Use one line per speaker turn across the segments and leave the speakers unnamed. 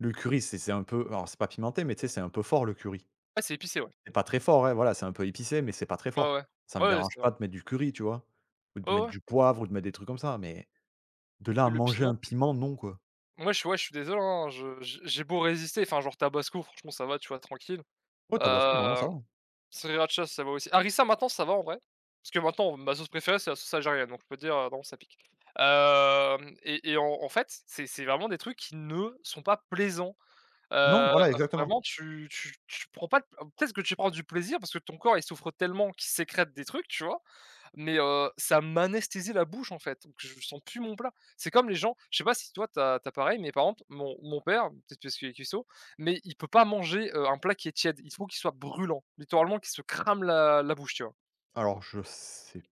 Le curry, c'est c'est un peu alors c'est pas pimenté mais, tu sais, c'est un peu fort le curry.
Ah! C'est épicé, ouais.
C'est pas très fort, ouais, voilà, c'est un peu épicé mais c'est pas très
Ouais,
fort.
ouais,
Ça me
ouais c'est
dérange
vrai.
pas de mettre du curry, tu vois, ou de
Ouais,
mettre
ouais.
du poivre ou de mettre des trucs comme ça mais, de là à
Le
manger
piment.
un piment, non, quoi!
Moi, je suis ouais, je suis désolé, hein, je j'ai j'ai beau résister, enfin, genre, tabasco, franchement, ça va, tu vois, tranquille,
Ouais, Tabasco, normalement,
heu,
ça va.
sriracha, ça va aussi harissa, maintenant, ça va en vrai, parce que, maintenant, ma sauce préférée c'est la sauce algérienne, donc je peux dire, heu, bon, ça pique, hem, et et en en fait, c'est c'est vraiment des trucs qui ne sont pas plaisants,
Non,
heu,
voilà, exactement.
vraiment tu tu tu prends pas d peut-être que tu prends du plaisir parce que ton corps il souffre tellement qu'il sécrète des trucs, tu vois mais ça, heu, m'anesthésie la bouche, en fait, donc je sens plus mon plat. C'est comme les gens je sais pas si toi tu as tu as pareil, mais par exemple, mon mon père, peut-être parce qu'il est cuistot mais il peut pas manger, heu, un plat qui est tiède, il faut qu'il soit brûlant, littéralement qu'il se crame la la bouche, tu vois?
Alors je sais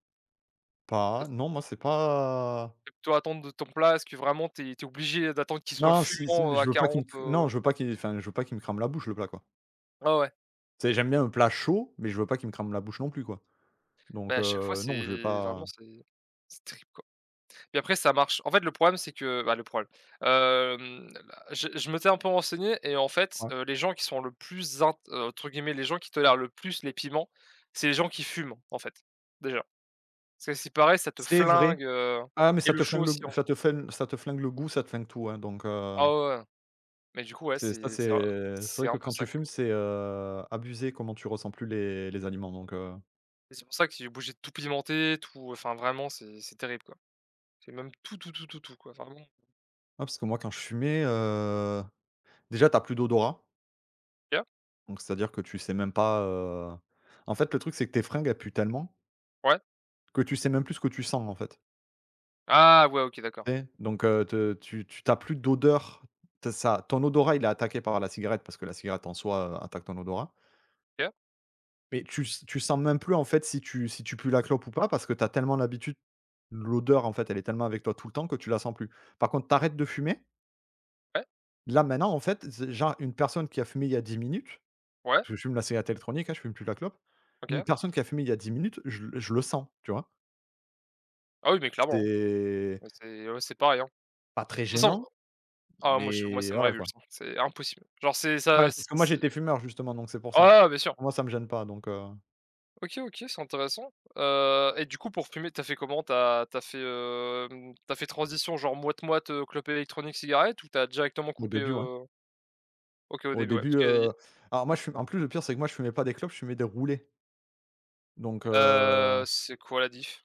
pas. Non, moi, c'est pas
Toi, attendre de ton plat est-ce que vraiment tu es tu es obligé d'attendre qu'il soit
Non, si si
fumant, heu, à
je veux pas qu'il
40, heu?
non, je veux pas qu'il enfin, je veux pas qu'il me crame la bouche, le plat, quoi.
Ouais, ouais.
Tu sais, j'aime bien un plat chaud, mais je veux pas qu'il me crame la bouche non plus, quoi,
Beh,
donc
à chaque fois,
heu, non, je vais
c'est vraiment,
pas
c'est c'est terrible, quoi. Puis après, ça marche en fait, le problème, c'est que bah, le problème, hem, je je m'étais un peu renseigné et en fait,
Ouais.
heu, les gens qui sont le plus zin entre guillemets, «les gens qui tolèrent le plus les piments», c'est les gens qui fument, en fait, déjà, parce que, à ce qu'il paraît ça te
C'est vrai.
flingue, heu
Ah! Mais
et
ça
le
te
chaud
flingue le
aussi,
g
en
ça
fait.
te flin ça te flingue le goût, ça te flingue tout, hein, donc heu
Ah ouais, ouais. Mais du coup, ouais,
Tu sais, ça
c'est
c'est,
c'est, heu,
heu, c'est
c'est
vrai
un
que
peu
quand tu
ça quoi.
fumes, c'est, heu, abusé comment tu ressens plus les les aliments, donc heu
Et c'est pour ça qu'il est obligé de tout pimenté, tout, enfin vraiment c'est c'est terrible quoi. J'ai même tout, tout, tout, tout, tout, quoi, enfin, bon.
Ouais, parce que moi quand je fumais, heu, déjà, tu as plus d'odorat
Ouais.
donc c'est-à-dire que tu sais même pas, heu, en fait, le truc, c'est que tes fringues, elles puent tellement
Ouais.
que tu sais même plus ce que tu sens, en fait.
Ah! Ouais, OK, d'accord.
Et, donc heu, te tu tu tu as plus d'odeur. T ça ton odorat il est attaqué par la cigarette parce que la cigarette en soi, heu, attaque ton odorat
Ouais.
mais tu s tu sens même plus, en fait, si tu si tu pues la clope ou pas, parce que tu as tellement l'habitude l'odeur, en fait, elle est tellement avec toi tout le temps que tu la sens plus. Par contre tu arrêtes de fumer
Ouais.
là, maintenant, en fait, c genre une personne qui a fumé il y a 10 minutes
Ouais.
je fume la cigarette électronique, hein, je fume plus la clope. Une
OK.
personne qui a fumé il y a 10 minutes, je le je le sens, tu vois?
Ah oui, mais clairement, hein.
C'est
Ouais, c'est ouais, c'est pareil, hein.
pas
De
très
toute façon
gênant,
ah, moi je moi,
mais
ça me
voilà, quoi.
révulse, c'est impossible, genre, c'est
Ouais,
ça c'est
parce que moi
ce
j'étais fumeur justement, donc c'est pour ça.
Ah! Ouais, bien sûr.
Moi, ça me gêne pas, donc heu
OK, OK, c'est intéressant, heu et, du coup, pour fumer, tu as fait comment, tu as tu as fait, hem, tu as fait transition genre moit moit, heu, clope électronique, cigarette ou tu as directement
Au
coupé,
début, ouais.
heu? OK, au
Au
début, ouais.
début,
Parce qu'il
heu,
y
alors, moi, je fume en plus, le pire, c'est que, moi, je fumais pas des clopes, je fumais des roulées donc
Heu,
heu
c'est quoi la diff?